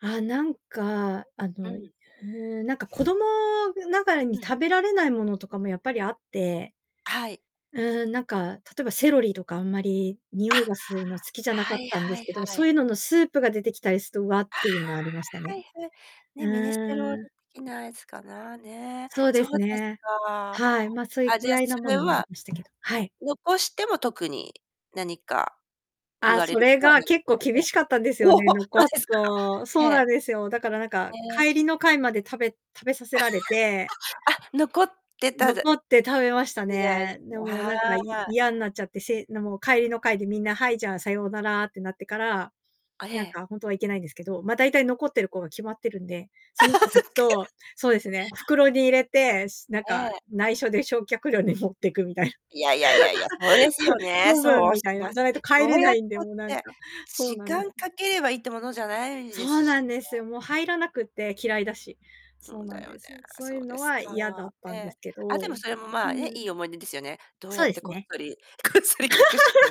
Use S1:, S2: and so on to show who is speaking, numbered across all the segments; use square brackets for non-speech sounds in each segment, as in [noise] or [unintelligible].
S1: あ、なんか、あ
S2: う
S1: の、い
S2: ん。
S1: ふう、なんか、子供、ぐながらに
S2: うん。
S1: 食べられないものとかもやっぱりあって、
S2: はい。
S1: うーん、なんか、例えばセロリとかあんまり匂
S2: あ、
S1: いがすうの好きじゃなか
S2: は
S1: っ
S2: い
S1: たんで
S2: は
S1: す
S2: い
S1: けど、
S2: は
S1: そう
S2: い。
S1: いうののスープが出てきたりすと、わ！っ
S2: あ
S1: ていうのはありました
S2: あ、は
S1: ね。
S2: い、へ。
S1: う
S2: ね、ミネストローネ
S1: ーん。
S2: 的なやつかな？ね。
S1: そうで
S2: そう
S1: す
S2: です
S1: ね。
S2: か。
S1: はい。ま、そい
S2: あ、じ
S1: き
S2: ゃあ、
S1: やい
S2: そ
S1: なも
S2: れ
S1: のもあり
S2: は、
S1: ましたけど。はい。
S2: 残しても特に何か言
S1: あ、
S2: われ
S1: そ
S2: るこ
S1: れ
S2: とは
S1: が
S2: ない
S1: 結
S2: す
S1: 構
S2: か
S1: 厳
S2: ね。
S1: しかったんですよ
S2: おお、
S1: ね、
S2: ほ！そう
S1: 残
S2: で
S1: す
S2: すか、
S1: と。
S2: ええ。
S1: そう
S2: へ
S1: なんですよ。だから、なんか、
S2: え。
S1: 帰りの会まで食べ食べさせられて
S2: [laughs] あ、残って、たず
S1: 残って食べました
S2: 時代で
S1: ね。
S2: す、
S1: で
S2: もう
S1: も、
S2: は
S1: なんか、い
S2: い。
S1: 嫌んなっちゃって、せの、もう帰りの会で、みんな「はい、じゃあ、さようなら」ってなってから、
S2: あ、え
S1: なん
S2: え。
S1: か、ほんとはいけないんですけど、ま、大体残ってる子が決まってるんで、その子
S2: [laughs] そっ
S1: 達
S2: き
S1: とそうですね、袋に入れて、しなん
S2: え
S1: か、
S2: え。
S1: 内緒で焼却炉に持ってくみたいな。
S2: いやいやいやいや、そうですよ
S1: [laughs]
S2: ね。
S1: 処分、
S2: そう
S1: み
S2: し
S1: たい
S2: ま
S1: な。
S2: す。
S1: じゃないと帰
S2: ど
S1: れ
S2: う
S1: な
S2: やっ
S1: いんで、もうなん
S2: たって、
S1: かそう
S2: 時
S1: なんです。
S2: 間かければいいってものじゃないで
S1: そう
S2: すし
S1: なんです
S2: ね。
S1: よ、もう入らなくって、嫌いだし。
S2: そ
S1: そう
S2: う
S1: な
S2: だ
S1: ん
S2: よね。
S1: です。そう
S2: そ
S1: いう
S2: うで
S1: の
S2: す
S1: は
S2: か。
S1: 嫌だった
S2: え
S1: んで
S2: え。
S1: すけ
S2: あ、で
S1: ど。う
S2: もそれも、まあ、え、
S1: ーん。
S2: いい思い出ですよね。どう
S1: そ
S2: や
S1: う
S2: っ
S1: で
S2: て
S1: す
S2: こっ
S1: ね。
S2: そりこっそり隠して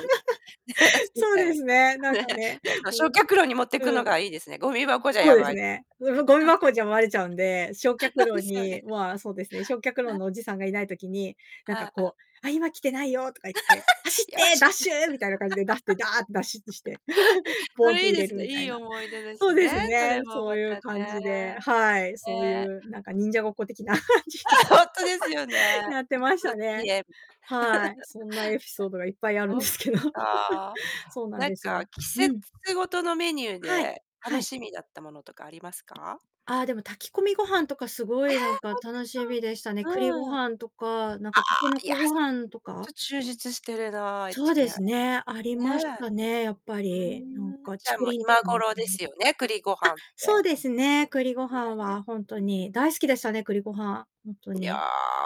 S2: 減ら して燃し
S1: そう
S2: た、
S1: ですね、なん
S2: ね、減
S1: かね、
S2: らしま
S1: うん。
S2: 焼却炉に持って
S1: う
S2: く
S1: ん。う
S2: の
S1: ん、
S2: がいいですね。ごみ箱じゃ、
S1: そ
S2: や
S1: うです
S2: ばい。
S1: ね、うん、おごみ箱じゃ
S2: [laughs]
S1: まれちゃうんで、焼却
S2: そうで
S1: 炉
S2: すよ
S1: に、
S2: ね。
S1: まあ、そうですね、焼却
S2: ん、
S1: 炉
S2: あ。
S1: のおじさんがいない時に、なん
S2: は
S1: か、
S2: あ、あ。
S1: こう「あ、今来てないよ」とか言って「走
S2: [laughs]
S1: っ
S2: 「よ
S1: て！
S2: し！」
S1: ダッ
S2: みたい
S1: シュ！」みたいな感じで、出して、ダーッてだしちして、[chuckles] ポ
S2: な。[laughs] え、そ
S1: ンって
S2: れいい
S1: 入
S2: で
S1: れ
S2: す
S1: る、
S2: ね、
S1: みた
S2: い
S1: い
S2: い
S1: な。
S2: 思い出です
S1: そうで
S2: ね、
S1: す
S2: そ
S1: ね、
S2: れも
S1: そう
S2: ま
S1: いう
S2: た
S1: 感
S2: ね。
S1: じではい、そうい
S2: ね。
S1: う、なんか、忍者ごっこ的な感じで。
S2: あ、ほんとですよね。
S1: [laughs] や
S2: [unintelligible]
S1: ってまし
S2: [laughs]
S1: たね。
S2: ね。
S1: はい、そんなエピソードがいっぱいあるん
S2: そ
S1: で
S2: っ
S1: すけど。
S2: か。
S1: [laughs] そうなん
S2: なん
S1: です
S2: か、
S1: よ。
S2: 季
S1: うん。
S2: 節ごとのメニュー
S1: はい。
S2: で、
S1: は
S2: 楽
S1: い。
S2: しみだったものとかありますか？
S1: ああ、でも、炊き込みご飯とか、すご
S2: え！
S1: い、なんか、
S2: ほんてっ
S1: 楽しみでしたね。
S2: た、
S1: 栗ご
S2: うーん。ああ、
S1: 飯とか、なんか、筍
S2: いや、
S1: ご
S2: それ
S1: 飯と
S2: ほんと、
S1: か
S2: 充実してるな、愛
S1: そ
S2: 知
S1: うで
S2: 県。
S1: すね、ありまし
S2: ね。
S1: たね、やっぱ
S2: う
S1: り。なん
S2: ーん。
S1: か、
S2: じ
S1: 竹
S2: ゃあ、もう、
S1: 林とか、
S2: 今
S1: まんか
S2: 頃で
S1: ね、
S2: す
S1: あ、
S2: よね、栗ご飯っ
S1: そう
S2: て。
S1: で
S2: あ
S1: すね、栗ご飯
S2: まね、
S1: は、ほん
S2: う
S1: と
S2: んうん。
S1: に、大好きでしたね、栗ご飯。ほんと
S2: いや、
S1: に。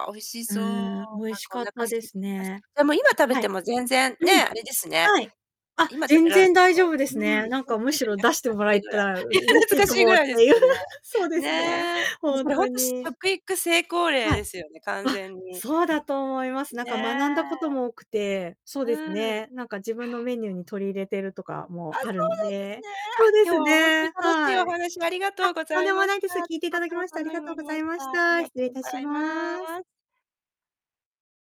S2: 美味し
S1: う
S2: そう。なん
S1: ーん、美味し
S2: かお
S1: かっ
S2: 腹空
S1: たで
S2: いてき
S1: す
S2: ますよ。
S1: ね。
S2: でも今食べ
S1: は
S2: て
S1: い。
S2: も全然、
S1: う
S2: ね、
S1: ん。
S2: あれですね。
S1: はい。あ、
S2: 今食
S1: 全
S2: べられ
S1: 然
S2: て
S1: 大
S2: も
S1: 丈夫です
S2: う
S1: ね。
S2: ーん。
S1: なん
S2: ほん
S1: か、む
S2: です
S1: し
S2: よ
S1: ろ
S2: ね。
S1: 出して
S2: かっ
S1: もら
S2: て
S1: え
S2: ぐ
S1: た
S2: ら。
S1: ら、う
S2: いや、
S1: 嬉し
S2: 懐
S1: い
S2: か
S1: か
S2: しいぐ
S1: もっ
S2: らいです
S1: てゆ
S2: よね。
S1: [chuckles] そうですね、
S2: ね。え、
S1: ほ
S2: そ
S1: ん
S2: れほ
S1: と
S2: んと、し
S1: に。
S2: 食育成功例
S1: はい。
S2: ですよね、完
S1: あ、
S2: 全に。
S1: そうだと思います。
S2: う
S1: なんか、学んだこと
S2: ね。
S1: も多くて、そう
S2: う
S1: です
S2: ーん。
S1: ね、なんか、自分のメニューに取り入れてるとかも
S2: あ、そ
S1: ある
S2: う
S1: ん
S2: なんですね。
S1: で。そ
S2: あ、
S1: うで
S2: 今日
S1: す
S2: はほんとに
S1: ね、
S2: 楽しい
S1: は
S2: お
S1: い。
S2: 話ありがと
S1: あ、
S2: うご
S1: とん
S2: ざ
S1: で
S2: い
S1: も
S2: まし
S1: ないで
S2: た。
S1: す。
S2: と
S1: 聞いていた
S2: っ
S1: だ
S2: て
S1: き
S2: も
S1: まして
S2: た
S1: あり
S2: めに
S1: がと
S2: な
S1: うご
S2: り
S1: ざ
S2: ま
S1: い
S2: し
S1: ま
S2: た。
S1: し
S2: あり
S1: た。
S2: が
S1: 失
S2: と
S1: 礼
S2: ご
S1: いたし
S2: ざいま
S1: ます。
S2: す。